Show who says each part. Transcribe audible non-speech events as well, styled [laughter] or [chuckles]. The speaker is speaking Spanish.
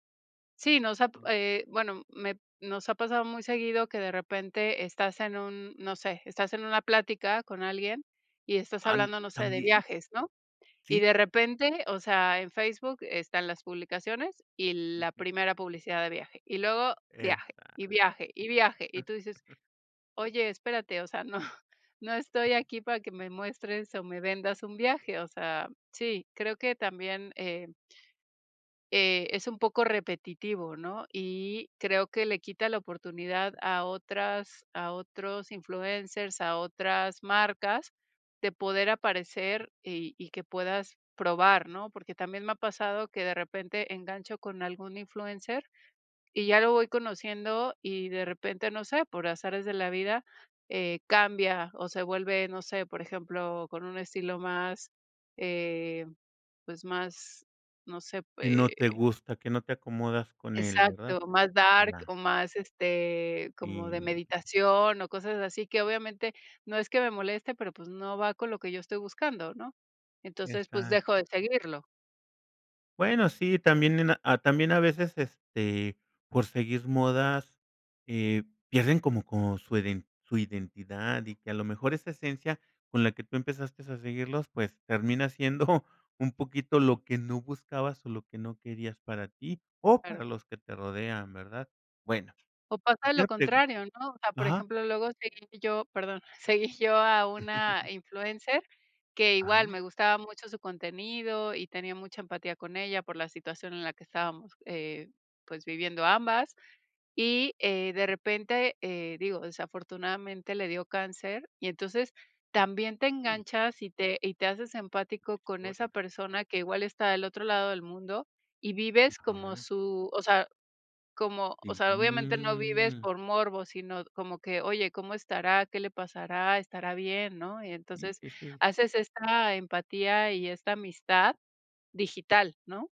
Speaker 1: Sí, nos ab
Speaker 2: Mm.
Speaker 1: eh, bueno, me nos ha pasado muy seguido que de repente estás en un, no sé, estás en una plática con alguien, y estás
Speaker 2: Am
Speaker 1: hablando no sé, de
Speaker 2: ¿también?
Speaker 1: viajes, ¿no?, y
Speaker 2: Sí.
Speaker 1: de repente, o sea, en Facebook están las publicaciones y la
Speaker 2: Ujú.
Speaker 1: primera publicidad de viaje, y luego
Speaker 2: Exact
Speaker 1: viaje, y viaje, y viaje, y tú dices:
Speaker 2: [chuckles]
Speaker 1: "Oye, espérate", o sea, "no, no estoy aquí para que me muestres o me vendas un viaje", o sea, sí, creo que también, eh eh, es un poco repetitivo, ¿no?, y creo que le quita la oportunidad a otras a otros influencers, a otras marcas, de poder aparecer y y que puedas probar, ¿no?, porque también me ha pasado que de repente engancho con algún influencer y ya lo voy conociendo y de repente, no sé, por azares de la vida, eh, cambia o se vuelve, no sé, por ejemplo, con un estilo más, eh, pues más, no sé,
Speaker 2: Que no te
Speaker 1: eh
Speaker 2: gusta, que no te acomodas con él, ¿verdad?,
Speaker 1: exacto más dark
Speaker 2: ya.
Speaker 1: o más, este, como de
Speaker 2: Sí.
Speaker 1: meditación o cosas así, que obviamente no es que me moleste, pero pues, no va con lo que yo estoy buscando, ¿no?, entonces, pues,
Speaker 2: Exac
Speaker 1: dejo de seguirlo.
Speaker 2: Bueno, sí, también en, ah, también a veces, este, por seguir modas, eh, pierden como con su iden su identidad y que a lo mejor esa esencia con la que tú empezaste a seguirlos pues, termina siendo, [chuckles] un poquito lo que no buscabas, o lo que no querías para tí o
Speaker 1: Claro.
Speaker 2: para los que te rodean, ¿verdad?, bueno,
Speaker 1: O pasa lo
Speaker 2: quería pregun
Speaker 1: contrario, ¿no?, o sea, por
Speaker 2: ajá.
Speaker 1: ejemplo, luego seguí yo perdón, seguí yo a una
Speaker 2: [chuckles]
Speaker 1: influencer que igual
Speaker 2: Ajá.
Speaker 1: me gustaba mucho su contenido y tenía mucha empatía con ella por la situación en la que estábamos, eh, pues, viviendo ambas, y, eh, de repente, eh, digo, desafortunadamente le dio cáncer y entonces también te
Speaker 2: Uy.
Speaker 1: enganchas y te y te haces empático
Speaker 2: Qué
Speaker 1: con esa
Speaker 2: historia.
Speaker 1: persona que igual está del otro lado del mundo y vives como
Speaker 2: Ajá.
Speaker 1: su o sea, como, o
Speaker 2: Sí,
Speaker 1: sea, obviamente no vives
Speaker 2: mm.
Speaker 1: por morbo, sino como que: "Oye, ¿cómo estará?, ¿qué le pasará?, ¿estará bien?", ¿no?, y
Speaker 2: Sí,
Speaker 1: entonces
Speaker 2: sí, sí.
Speaker 1: haces esta empatía, y esta amistad digital, ¿no?